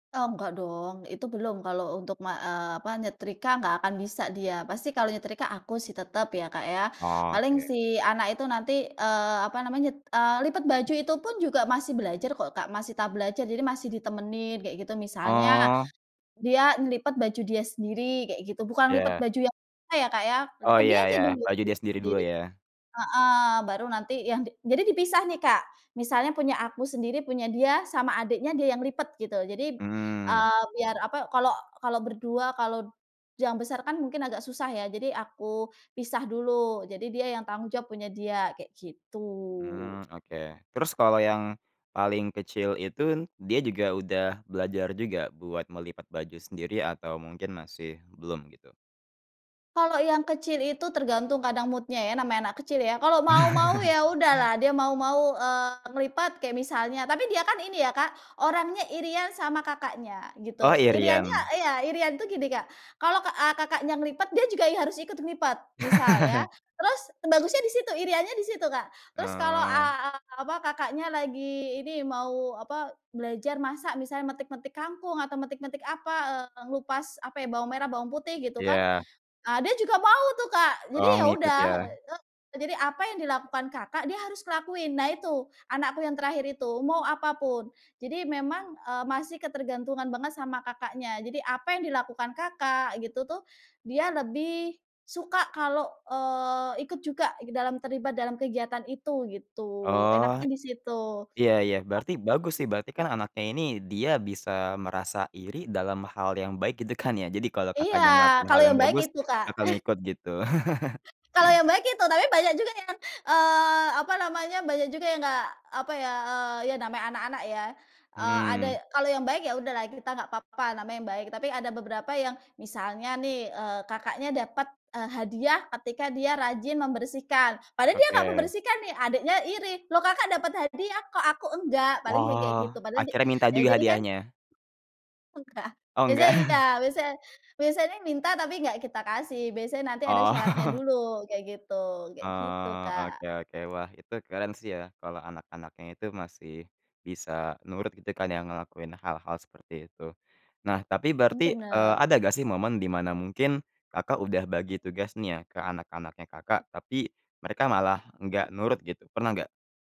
Eee, nggak dong, itu belum kalau untuk ma eee, apa nyetrika nggak akan bisa dia. Pasti kalau nyetrika aku sih tetep ya, Kak, ya. Paling Oke. si anak itu nanti, eee, apa namanya eee, lipat baju itu pun juga masih belajar kok, Kak, masih tahap belajar jadi masih ditemenin kayak gitu misalnya, Oh. dia ngelipet baju dia sendiri kayak gitu, bukan lipet Iya. baju yang [unintelligible] ya, Kak, ya, Oh lipet iya dia aja iya, [unintelligible] baju dia sendiri dulu sendiri, ya. heeh, baru nanti yang di jadi dipisah nih, Kak. Misalnya punya aku sendiri punya dia sama adiknya dia yang lipet gitu jadi, Mhm. eee, biar apa, kalau kalau berdua kalau, yang besar kan mungkin agak susah ya, jadi aku pisah dulu, jadi dia yang tanggung jawab punya dia, kayak gitu. Mmm, oke, terus kalau yang paling kecil itu dia juga udah belajar juga buat melipat baju sendiri atau mungkin masih belum gitu? Kalau yang kecil itu tergantung kadang mood-nya ya, namanya anak kecil ya. Kalau mau mau ya udahlah dia mau mau, eee, ngelipat kayak misalnya tapi dia kan ini ya, Kak, orangnya iri-an sama kakaknya, Oh, gitu. Iri-annya iri-an. iya, iri-an itu gini, Kak, kalau ke eee, kakaknya ngelipat dia juga i harus ikut ngelipat, misal ya. Terus bagusnya di situ iri-annya di situ, Kak. Terus kalau, Oh. eee, apa kakaknya lagi ini mau apa belajar masak misalnya metik-metik kangkung atau metik-metik apa, eee, ngelupas apa ya bawang merah bawang putih gitu kan, Iya. eee, dia juga mau tuh, Kak, jadi Oh, ya ngikut udah. ya. Eee, e jadi apa yang dilakukan kakak dia harus ngelakuin. Nah itu, anakku yang terakhir itu, mau apapun. Jadi memang, eee, masih ketergantungan banget sama kakaknya. Jadi apa yang dilakukan kakak gitu tuh, dia lebih suka kalau, eee, ikut juga dalam terlibat dalam kegiatan itu gitu, Oh, enaknya di situ. iya iya, Kak berarti bagus sih berarti kan anaknya ini dia bisa merasa iri dalam hal yang baik gitu kan ya. Jadi kalau Iya, kakaknya ngelakuin hal kalau yang yang baik bagus itu, Kak. bakal ngikut gitu. Kalau yang baik itu, tapi banyak juga yang, eee, apa namanya banyak juga yang enggak apa ya eee, ya namanya anak-anak ya, eee, ada ya Mhm. kalau yang baik ya udahlah kita nggak apa-apa namanya yang baik tapi ada beberapa yang misalnya nih, eee, kakaknya dapet, eee, hadiah ketika dia rajin membersihkan, padahal dia enggak Oke. membersihkan nih adiknya iri, loh kakak dapet hadiah kok aku enggak? Paling bilang kayak gitu Wah, padahal dia akhirnya minta ya eee, juga jadikan hadiahnya? Enggak, Oh biasanya enggak. iya. Biasa biasanya minta tapi enggak kita kasih, biasanya nanti ada syaratnya Oh. dulu, kayak gitu. Kayak gitu, Oh, Kak. oke oke. Wah, itu keren sih ya kalau anak-anaknya itu masih bisa nurut gitu kan ya ngelakuin hal-hal seperti itu. Nah tapi Mmm, berarti, eee, bener. ada gak sih momen di mana mungkin, Kakak, udah bagi tugas nih ya ke anak-anaknya, Kakak, tapi mereka malah enggak nurut gitu, pernah nggak?